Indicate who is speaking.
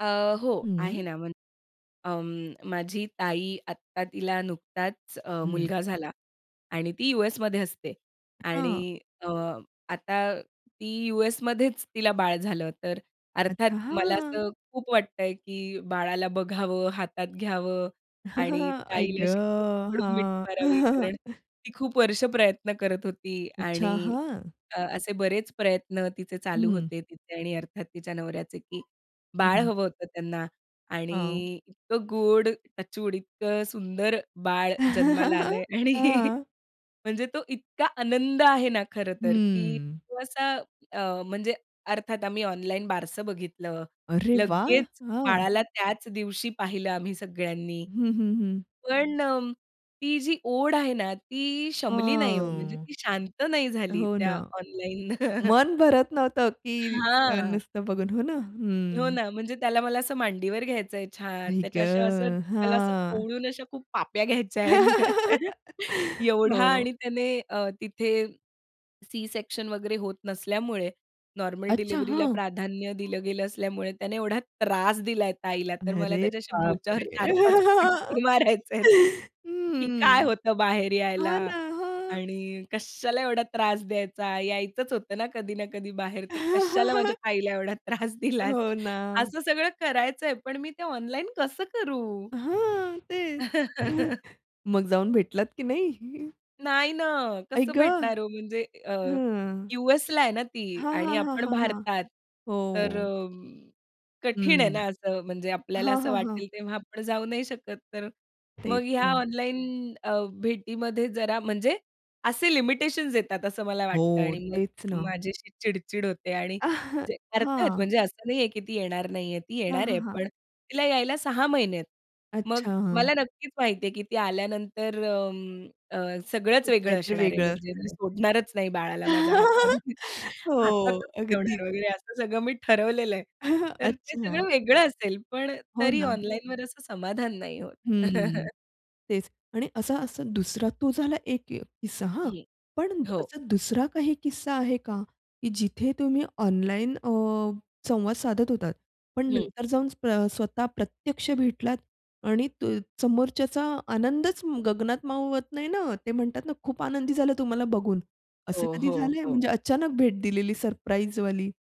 Speaker 1: अ, हो. आहे
Speaker 2: हं.
Speaker 1: ना, म्हण अं, माझी ताई आत्ता तिला नुकताच अ,
Speaker 2: हं.
Speaker 1: मुलगा झाला आणि ती युएसमध्ये असते
Speaker 2: हां.
Speaker 1: आणि अ, आता ती युएसमध्येच तिला बाळ झालं. तर अर्थात
Speaker 2: अच्छा,
Speaker 1: मला
Speaker 2: हां.
Speaker 1: असं खूप वाटतंय की बाळाला बघावं हातात घ्यावं आणि
Speaker 2: आई ग!
Speaker 1: ताईला अशी कडकडून मिठी
Speaker 2: हां.
Speaker 1: मारावी कारण ती खूप वर्ष प्रयत्न करत होती आणि
Speaker 2: अच्छा. हां.
Speaker 1: अ, असे बरेच प्रयत्न तिचे चालू
Speaker 2: हं.
Speaker 1: होते. तिचे आणि अर्थात तिच्या नवऱ्याचे की
Speaker 2: हं,
Speaker 1: बाळ
Speaker 2: हं.
Speaker 1: हवं होतं त्यांना
Speaker 2: हां.
Speaker 1: आणि इतकं गोड टचवुड इतकं सुंदर बाळ जन्माला आलंय आणि
Speaker 2: हां.
Speaker 1: म्हणजे तो इतका आनंद आहे ना खरं तर की
Speaker 2: हम्म.
Speaker 1: तो असा अ, म्हणजे अर्थात आम्ही ऑनलाईन बारसं बघितलं.
Speaker 2: अरे वाह!
Speaker 1: लगेच
Speaker 2: हां.
Speaker 1: बाळाला त्याच दिवशी पाहिलं आम्ही सगळ्यांनी.
Speaker 2: हं, हं, हं.
Speaker 1: पण अ, ती जी ओढ आहे ना ती शमली नाही हो. म्हणजे
Speaker 2: हां.
Speaker 1: ती शांत नाही झाली
Speaker 2: हो
Speaker 1: त्या
Speaker 2: ना.
Speaker 1: ऑनलाईननं.
Speaker 2: मन भरत नव्हतं की अ,
Speaker 1: हां.
Speaker 2: नुसतं बघून. हो ना.
Speaker 1: हो
Speaker 2: हं.
Speaker 1: ना. म्हणजे त्याला मला असं मांडीवर घ्यायचंय छान,
Speaker 2: आई
Speaker 1: त्याच्या अशा असं
Speaker 2: गं!
Speaker 1: त्याला असं
Speaker 2: हां.
Speaker 1: कवळून अशा खूप पाप्या घ्यायच्या आहेत. एवढा
Speaker 2: हो.
Speaker 1: आणि त्याने अ, तिथे सी सेक्शन वगैरे होत नसल्यामुळे, नॉर्मल
Speaker 2: अच्छा,
Speaker 1: डिलिव्हरीला
Speaker 2: हां.
Speaker 1: प्राधान्य दिलं गेलं असल्यामुळे त्याने एवढा त्रास दिला ताईला तर मला
Speaker 2: अरे
Speaker 1: त्याच्याशी बोच्यावर
Speaker 2: बापरे!
Speaker 1: 4-5 फटके
Speaker 2: हं,
Speaker 1: मारायचे आहेत.
Speaker 2: हं,
Speaker 1: की "काय
Speaker 2: हं.
Speaker 1: होतं बाहेर यायला
Speaker 2: हां ना. हां.
Speaker 1: आणि कशाला एवढा त्रास द्यायचा यायचंच होतं ना कधी ना कधी बाहेर, तर कशाला माझ्या ताईला एवढा त्रास दिलास."
Speaker 2: हो ना.
Speaker 1: असं सगळं करायचंय पण मी ते ऑनलाईन कसं करू?
Speaker 2: हां. तेच. मग जाऊन भेटलात की नाही?
Speaker 1: नाही ना.
Speaker 2: आई
Speaker 1: कसं
Speaker 2: ग!
Speaker 1: भेटणार हो म्हणजे अ,
Speaker 2: हां.
Speaker 1: यूएसला आहे ना ती
Speaker 2: हां,
Speaker 1: आणि
Speaker 2: हां, हां,
Speaker 1: आपण
Speaker 2: हां, हां.
Speaker 1: भारतात तर
Speaker 2: हो.
Speaker 1: अ, कठीण आहे
Speaker 2: हं.
Speaker 1: ना. असं म्हणजे आपल्याला
Speaker 2: हां,
Speaker 1: असं
Speaker 2: हां, हां.
Speaker 1: वाटेल तेव्हा आपण जाऊ नाही शकत. तर
Speaker 2: तेच
Speaker 1: मग ह्या
Speaker 2: ना
Speaker 1: ऑनलाईन अ, भेटीमध्ये जरा म्हणजे असे लिमिटेशन्स येतात असं मला वाटतं
Speaker 2: हो.
Speaker 1: आणि मग
Speaker 2: तेच ना.
Speaker 1: माझी अशी चिड-चिड होते आणि
Speaker 2: अह!
Speaker 1: म्हणजे अर्थात
Speaker 2: हां.
Speaker 1: म्हणजे असं नाहीये की ती येणार नाहीये ती
Speaker 2: हां,
Speaker 1: येणार
Speaker 2: हां,
Speaker 1: आहे,
Speaker 2: हां.
Speaker 1: पण तिला यायला 6 महिने आहेत. मग
Speaker 2: अच्छा. हां.
Speaker 1: मला नक्कीच माहिती आहे की ती आल्यानंतर अं, अ, सगळंच
Speaker 2: खूप
Speaker 1: वेगळं
Speaker 2: काहीतरी
Speaker 1: असणार आहे.
Speaker 2: वेगळा
Speaker 1: म्हणजे
Speaker 2: अर्थ
Speaker 1: मी
Speaker 2: आहे.
Speaker 1: सोडणारच नाही बाळाला माझ्या हात हातातच
Speaker 2: हो, अगदी.
Speaker 1: ठेवणार वगैरे असं सगळं मी ठरवलेलं आहे. तर ते
Speaker 2: अच्छा.
Speaker 1: सगळं वेगळं असेल, पण अ,
Speaker 2: हो
Speaker 1: तरी
Speaker 2: ना.
Speaker 1: ऑनलाईनवर असं समाधान नाही होत.
Speaker 2: हं, तेच. आणि असा असा दुसरा तो झाला एक अ, किस्सा हां.
Speaker 1: हं,
Speaker 2: पण
Speaker 1: हो.
Speaker 2: असा दुसरा काही किस्सा आहे का? की जिथे तुम्ही ऑनलाईन अ, संवाद साधत होतात. पण
Speaker 1: हं.
Speaker 2: नंतर जाऊन स्वतः प्रत्यक्ष भेटलात आणि तो समोरच्याचा आनंदच गगनात मावत नाही ना. ते म्हणतात ना खूप आनंदी झालं तुम्हाला बघून असं
Speaker 1: हो,
Speaker 2: कधी
Speaker 1: हो,
Speaker 2: झालंय?
Speaker 1: हो.
Speaker 2: म्हणजे अचानक भेट दिलेली सरप्राईजवाली?